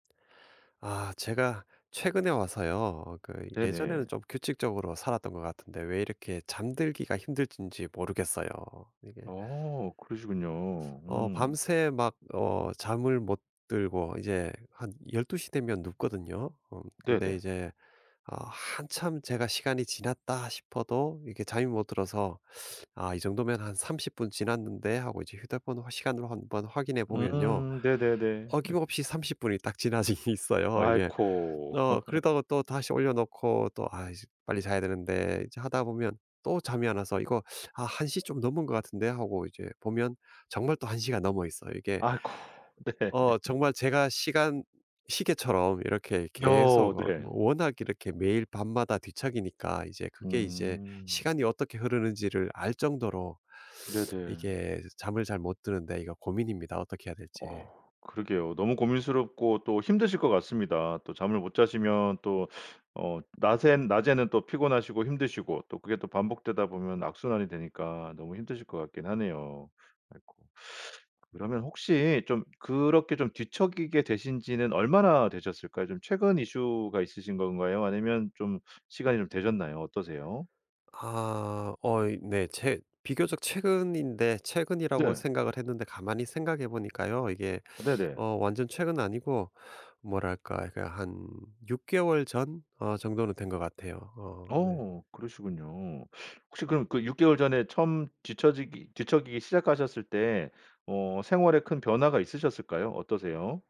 아 제가 최근에 와서요 어 그 네네. 예전에는 좀 규칙적으로 살았던 것 같은데 왜 이렇게 잠들기가 힘들든지 모르겠어요. 이게 어 그러시군요. 어 음. 밤새 막 어 잠을 못 들고 이제 한 12 시 되면 눕거든요. 어 근데 네네. 이제 어 한참 제가 시간이 지났다 싶어도 이렇게 잠이 못 들어서 아 이 정도면 한 30 분 지났는데 하고 이제 휴대폰 어 시간으로 한번 확인해 보면요 음 네네네. 어김없이 30 분이 딱 지나져 있어요 이게. 아이코. 어 그러다가 또다시 올려놓고 또 '아 이제 빨리 자야 되는데.' 이제 하다 보면 또 잠이 안 와서 이거 '아 1 시 좀 넘은 것 같은데.' 하고 이제 보면 정말 또 1 시가 넘어있어요, 이게 아이코. 네. 어 정말 제가 시간 시계처럼 이렇게 어 계속 어 네. 워낙 이렇게 매일 밤마다 뒤척이니까 이제 그게 이제 음. 시간이 어떻게 흐르는지를 알 정도로 네네. 이게 잠을 잘 못 드는데 이거 고민입니다, 어떻게 해야 될지. 어우 그러게요. 너무 고민스럽고 또 힘드실 것 같습니다. 또 잠을 못 자시면 또 어 낮에는 낮에는 또 피곤하시고 힘드시고 또 그게 또 반복되다 보면 악순환이 되니까 너무 힘드실 것 같기는 하네요. 아이코. 그러면 혹시 좀 그렇게 좀 뒤척이게 되신 지는 얼마나 되셨을까요? 좀 최근 이슈가 있으신 건가요 아니면 좀 시간이 좀 되셨나요? 어떠세요? 아. 어 이 네. 제 비교적 최근인데 최근이라고 네. 생각을 했는데 가만히 생각해 보니까요 이게 네네. 어 완전 최근은 아니고 뭐랄까? 그 한 6 개월 전? 어 정도는 된 것 같아요. 어 네. 어 그러시군요. 혹시 그럼 그 6 개월 전에 처음 뒤처지기 뒤척이기 시작하셨을 때 어 생활에 큰 변화가 있으셨을까요? 어떠세요?